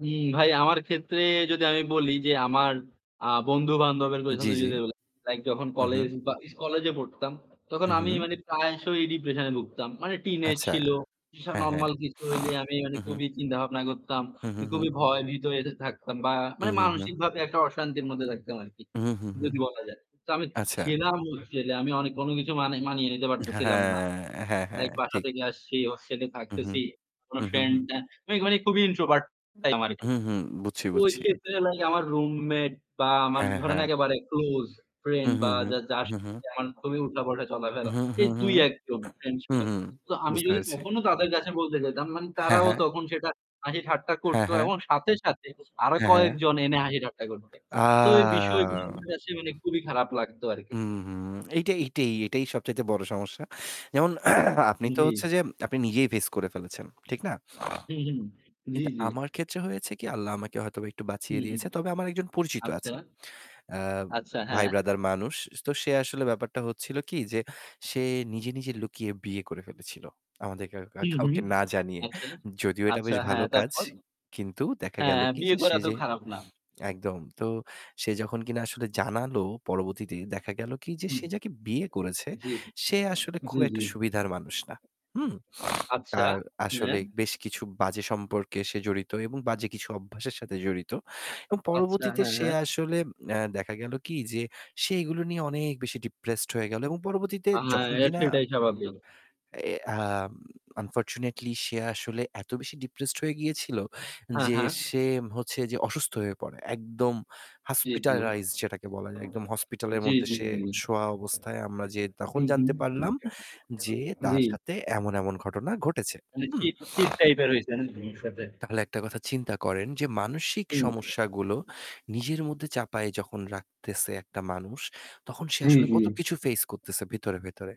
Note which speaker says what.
Speaker 1: হুম, ভাই আমার ক্ষেত্রে যদি আমি বলি যে আমার আ বন্ধু-বান্ধবের দের
Speaker 2: জী,
Speaker 1: কথাই
Speaker 2: জী।
Speaker 1: যদি বলি, লাইক যখন
Speaker 2: হুম, হুম।
Speaker 1: কলেজ বা ইস কলেজে পড়তাম, তখন
Speaker 2: হুম,
Speaker 1: আমি
Speaker 2: হুম।
Speaker 1: মানে প্রায়শই ডিপ্রেশন এ ভুগতাম। মানে টিনেজ
Speaker 2: আচ্ছা,
Speaker 1: ছিল, এসব
Speaker 2: হ্যাঁ, হ্যাঁ।
Speaker 1: নরমাল কিছু হইলে আমি মানে
Speaker 2: হু-হু।
Speaker 1: খুবই চিন্তা-ভাবনা করতাম।
Speaker 2: হুম,
Speaker 1: এ
Speaker 2: হুম, হুম।
Speaker 1: খুবই ভয় ভীত এতে থাকতাম বা
Speaker 2: হুম,
Speaker 1: মানে
Speaker 2: হুম, হুম।
Speaker 1: মানসিকভাবে একটা অশান্তির মধ্যে থাকতাম আরকি,
Speaker 2: হুম, হুম, হুম।
Speaker 1: যদি বলা যায়। তো আমি ছি
Speaker 2: আচ্ছা।
Speaker 1: ছিলাম ছেলে। আমি অনে অন্য কিছু মানে মানিয়ে নিতে
Speaker 2: হ্যাঁ,
Speaker 1: পারতেছিলাম না।
Speaker 2: হ্যাঁ। হ্যাঁ, হ্যাঁ,
Speaker 1: লাইক বাসা
Speaker 2: ঠিক।
Speaker 1: থেকে আসছি, হোস্টেলে
Speaker 2: হুম, হুম,
Speaker 1: থাকতেছি। কোনো
Speaker 2: হুম, হুম,
Speaker 1: ফ্রেন্ড
Speaker 2: হুম।
Speaker 1: না। মেঘ মানে খুবই ইন্ট্রোভার্ট টাইপ ছিলাম আরকি।
Speaker 2: হুম, হুম। বুঝছি,
Speaker 1: ওই
Speaker 2: বুঝছি।
Speaker 1: ক্ষেত্রে হলো কি আমার রুমমেট বা আমার
Speaker 2: হ্যাঁ,
Speaker 1: ধরেন
Speaker 2: হ্যাঁ।
Speaker 1: একেবারে ক্লোজ
Speaker 2: হু,
Speaker 1: ফ্রেন্ড
Speaker 2: হু,
Speaker 1: বা
Speaker 2: হু,
Speaker 1: যা যার
Speaker 2: হু,
Speaker 1: সাথে
Speaker 2: হু।
Speaker 1: যেমন খুবই
Speaker 2: হু,
Speaker 1: উঠা-বসা-চলা-ফেরা।
Speaker 2: হু,
Speaker 1: এই
Speaker 2: হু,
Speaker 1: ৩-১ জন ফ্রেন্ড
Speaker 2: হু,
Speaker 1: ছিল।
Speaker 2: হু।
Speaker 1: তো আমি
Speaker 2: বুঝতে
Speaker 1: যদি
Speaker 2: পেরেছি।
Speaker 1: তখনও তাদের কাছে বলতে যেতাম, মানে
Speaker 2: হ্যাঁ,
Speaker 1: তারাও
Speaker 2: হ্যাঁ।
Speaker 1: তখন সেটা হাসি ঠাট্টা
Speaker 2: হ্যাঁ,
Speaker 1: করতো
Speaker 2: হ্যাঁ।
Speaker 1: এবং সাথে, সাথে আরো
Speaker 2: হ্যাঁ, হ্যাঁ।
Speaker 1: কয়েকজন এনে হাসি ঠাট্টা করত।
Speaker 2: আ
Speaker 1: তো এই বিষয়গুলি আমার কাছে মানে খুবই খারাপ লাগতো আরকি।
Speaker 2: হুম, হুম। এইটাই, এইটাই, এইটাই সবচাইতে বড় সমস্যা। যেমন আপনি তো
Speaker 1: জী।
Speaker 2: হচ্ছে যে আপনি নিজেই ফেস করে ফেলেছেন, ঠিক না?
Speaker 1: হুম, হুম, জী,
Speaker 2: কিন্তু
Speaker 1: জী।
Speaker 2: আমার ক্ষেত্রে হয়েছে কি? আল্লাহ আমাকে হয়তোবা একটু বাঁচিয়ে
Speaker 1: হুম, হুম,
Speaker 2: দিয়েছে। তবে আমার ১ জন পরিচিত
Speaker 1: আচ্ছা,
Speaker 2: আছে। অ্যা
Speaker 1: আচ্ছা,
Speaker 2: ভাই
Speaker 1: হ্যাঁ।
Speaker 2: ব্রাদার মানুষ। স তো সে আসলে ব্যাপারটা হচ্ছিল কি যে সে নিজে, নিজে লুকিয়ে বিয়ে করে ফেলেছিল। আমাদের কেউ কা
Speaker 1: হুম, হুম,
Speaker 2: কাউকে না জানিয়ে।
Speaker 1: আচ্ছা।
Speaker 2: যদিও এটা
Speaker 1: আচ্ছা,
Speaker 2: বেশ ভালো
Speaker 1: হ্যাঁ,
Speaker 2: কাজ।
Speaker 1: তারপর?
Speaker 2: কিন্তু দেখা
Speaker 1: হ্যাঁ,
Speaker 2: গেল
Speaker 1: হ্যাঁ,
Speaker 2: কি
Speaker 1: বিয়ে
Speaker 2: যে
Speaker 1: করা
Speaker 2: সে
Speaker 1: তো
Speaker 2: যে
Speaker 1: খারাপ না।
Speaker 2: একদম। তো সে যখন কিনা আসলে জানালো পরবর্তীতে, দেখা গেল কি যে
Speaker 1: হুম,
Speaker 2: সে যাকে বিয়ে করেছে,
Speaker 1: জী।
Speaker 2: সে আসলে খুব
Speaker 1: জী,
Speaker 2: একটা
Speaker 1: জী।
Speaker 2: সুবিধার মানুষ না, হুম?
Speaker 1: আচ্ছা?
Speaker 2: তার
Speaker 1: হ্যাঁ?
Speaker 2: আসলে বেশ কিছু বাজে সম্পর্কে সে জড়িত এবং বাজে কিছু অভ্যাসের সাথে জড়িত। এবং
Speaker 1: আচ্ছা,
Speaker 2: পরবর্তীতে
Speaker 1: হ্যাঁ,
Speaker 2: সে
Speaker 1: হ্যাঁ।
Speaker 2: আসলে অ্যা দেখা গেল কি যে সে এইগুলো নিয়ে অনেক বেশি ডিপ্রেসড হয়ে গেল। এবং পরবর্তীতে
Speaker 1: আ হ্যাঁ,
Speaker 2: যখন
Speaker 1: এ
Speaker 2: কিনা
Speaker 1: সেটাই স্বাভাবিক।
Speaker 2: এ আ আনফরচুনেটলি সে আসলে এত বেশি ডিপ্রেসড হয়ে গিয়েছিল
Speaker 1: হ্যাঁ,
Speaker 2: যে
Speaker 1: হ্যাঁ।
Speaker 2: সে হচ্ছে যে অসুস্থ হয়ে পড়ে। একদম
Speaker 1: জী, জী।
Speaker 2: hospitalized যেটাকে বলা যায়। একদম হসপিটালের
Speaker 1: জী,
Speaker 2: মধ্যে
Speaker 1: জী,
Speaker 2: সে
Speaker 1: জী।
Speaker 2: শোয়া অবস্থায় আমরা যেয়ে তখন
Speaker 1: হুম,
Speaker 2: জানতে পারলাম
Speaker 1: হুম।
Speaker 2: যে তার
Speaker 1: জী।
Speaker 2: সাথে এমন, এমন ঘটনা ঘটেছে,
Speaker 1: মা নে
Speaker 2: হুম?
Speaker 1: চিট-টিট টাইপের হয়েছে না বন্ধর সাথে?
Speaker 2: তাহলে একটা কথা চিন্তা করেন যে মানসিক সমস্যাগুলো নিজের মধ্যে চাপায় যখন রাখতেছে একটা মানুষ, তখন সে
Speaker 1: জি,
Speaker 2: আসলে
Speaker 1: জি।
Speaker 2: কতকিছু ফেস করতেছে ভিতরে, ভেতরে।